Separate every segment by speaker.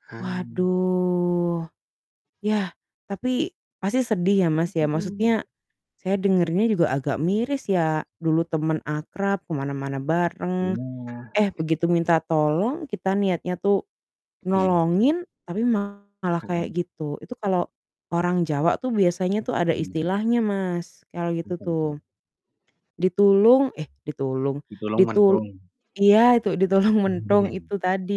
Speaker 1: Paham.
Speaker 2: Waduh, ya, tapi pasti sedih ya Mas, ya
Speaker 1: Mhm.
Speaker 2: maksudnya, saya dengernya juga agak
Speaker 1: Iya.
Speaker 2: miris ya dulu temen akrab ke mana-mana bareng,
Speaker 1: Iya.
Speaker 2: eh, begitu minta tolong, kita niatnya tuh,
Speaker 1: Iya.
Speaker 2: nolongin tapi malah kayak
Speaker 1: Mhm.
Speaker 2: gitu, itu kalau orang Jawa tuh biasanya tuh ada
Speaker 1: Mmm.
Speaker 2: istilahnya Mas, kalau gitu
Speaker 1: Apa
Speaker 2: tuh,
Speaker 1: itu?
Speaker 2: ditulung eh, ditulung,
Speaker 1: Ditulung,
Speaker 2: ditul
Speaker 1: mentung.
Speaker 2: iya itu ditulung mentung itu tadi,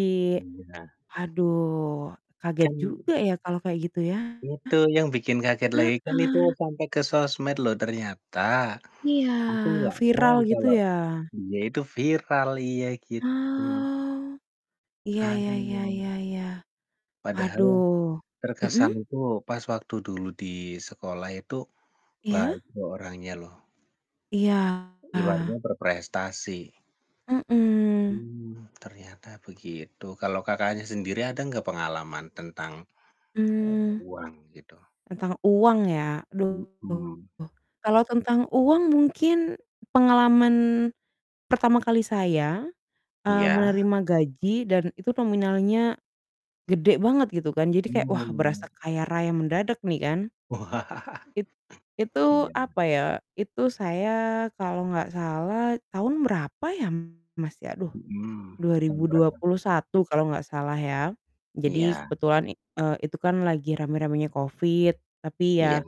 Speaker 1: Iya.
Speaker 2: aduh kaget
Speaker 1: Kan
Speaker 2: juga ya kalau kayak gitu ya,
Speaker 1: Itu yang bikin kaget lagi kan itu
Speaker 2: heeh.
Speaker 1: sampai ke sosmed loh ternyata,
Speaker 2: Iya,
Speaker 1: aku gak tahu
Speaker 2: viral gitu
Speaker 1: kalau,
Speaker 2: ya.
Speaker 1: dia itu viral iya gitu.
Speaker 2: Oh, iya, ya ya
Speaker 1: Aduh.
Speaker 2: ya ya,
Speaker 1: Padahal,
Speaker 2: aduh, mhm?
Speaker 1: terkesan itu pas waktu dulu di sekolah itu,
Speaker 2: Iya?
Speaker 1: baik orangnya loh.
Speaker 2: Iya.
Speaker 1: Ibaratnya berprestasi.
Speaker 2: Mhm.
Speaker 1: Mmm, ternyata begitu. Kalau Kakaknya sendiri ada enggak pengalaman tentang, eee,
Speaker 2: Mmm,
Speaker 1: uang gitu?
Speaker 2: tentang uang ya, aduh
Speaker 1: Mhm.
Speaker 2: kalau tentang uang mungkin pengalaman pertama kali saya, eee,
Speaker 1: Iya.
Speaker 2: menerima gaji dan itu nominalnya gede banget gitu kan, jadi kayak, wah,
Speaker 1: Mmm.
Speaker 2: berasa kaya raya mendadak nih kan. It itu
Speaker 1: Iya.
Speaker 2: apa ya, itu saya kalau enggak salah tahun berapa ya Mas, ya aduh,
Speaker 1: Mhm,
Speaker 2: dua
Speaker 1: tahun
Speaker 2: ribu dua
Speaker 1: berapa?
Speaker 2: puluh satu kalau enggak salah ya, jadi
Speaker 1: Iya.
Speaker 2: kebetulan i eee, itu kan lagi rame-ramenya covid, tapi
Speaker 1: Iya.
Speaker 2: ya,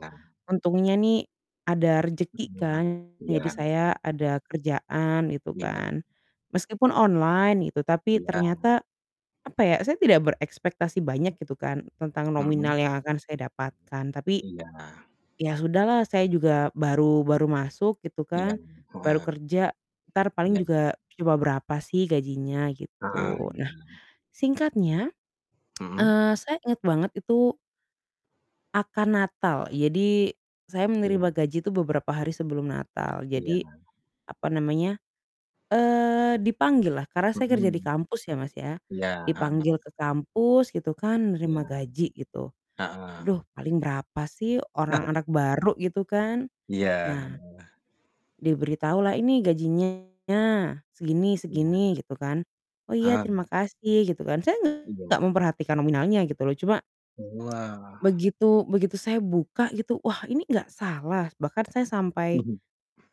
Speaker 2: untungnya nih, ada rezeki
Speaker 1: Mhm a
Speaker 2: kan
Speaker 1: iya.
Speaker 2: jadi saya ada kerjaan gitu
Speaker 1: Iya.
Speaker 2: kan, meskipun online gitu, tapi
Speaker 1: Iya.
Speaker 2: ternyata, apa ya, saya tidak berekspektasi banyak gitu kan tentang nominal
Speaker 1: Mhm.
Speaker 2: yang akan saya dapatkan, tapi
Speaker 1: Iya.
Speaker 2: ya sudahlah saya juga baru baru masuk gitu
Speaker 1: Iya
Speaker 2: kan, baru
Speaker 1: paham.
Speaker 2: kerja entar paling
Speaker 1: Iya.
Speaker 2: juga cuma berapa sih gajinya
Speaker 1: Heeh,
Speaker 2: gitu.
Speaker 1: iya.
Speaker 2: Nah, singkatnya,
Speaker 1: Mhm.
Speaker 2: eee, saya inget banget itu akan Natal, jadi, saya
Speaker 1: Iya.
Speaker 2: menerima gaji itu beberapa hari sebelum Natal,
Speaker 1: Iya.
Speaker 2: jadi, apa namanya, eee, dipanggil lah karena saya kerja di
Speaker 1: Mhm,
Speaker 2: kampus ya Mas, ya,
Speaker 1: iya paham.
Speaker 2: dipanggil ke kampus gitu kan, nerima
Speaker 1: Iya,
Speaker 2: gaji gitu,
Speaker 1: heeh.
Speaker 2: duh, paling berapa sih, orang anak baru gitu kan,
Speaker 1: Iya,
Speaker 2: nah,
Speaker 1: heeh.
Speaker 2: diberitahu lah, "Ini gajinya, segini
Speaker 1: Iya.
Speaker 2: segini," gitu kan, "Oh iya,
Speaker 1: Paham.
Speaker 2: terima kasih," gitu kan, saya gak
Speaker 1: Iya.
Speaker 2: memperhatikan nominalnya gitu loh, cuma
Speaker 1: Wah.
Speaker 2: begitu begitu saya buka gitu, "Wah, ini gak salah?" Bahkan saya sampai
Speaker 1: Mhm.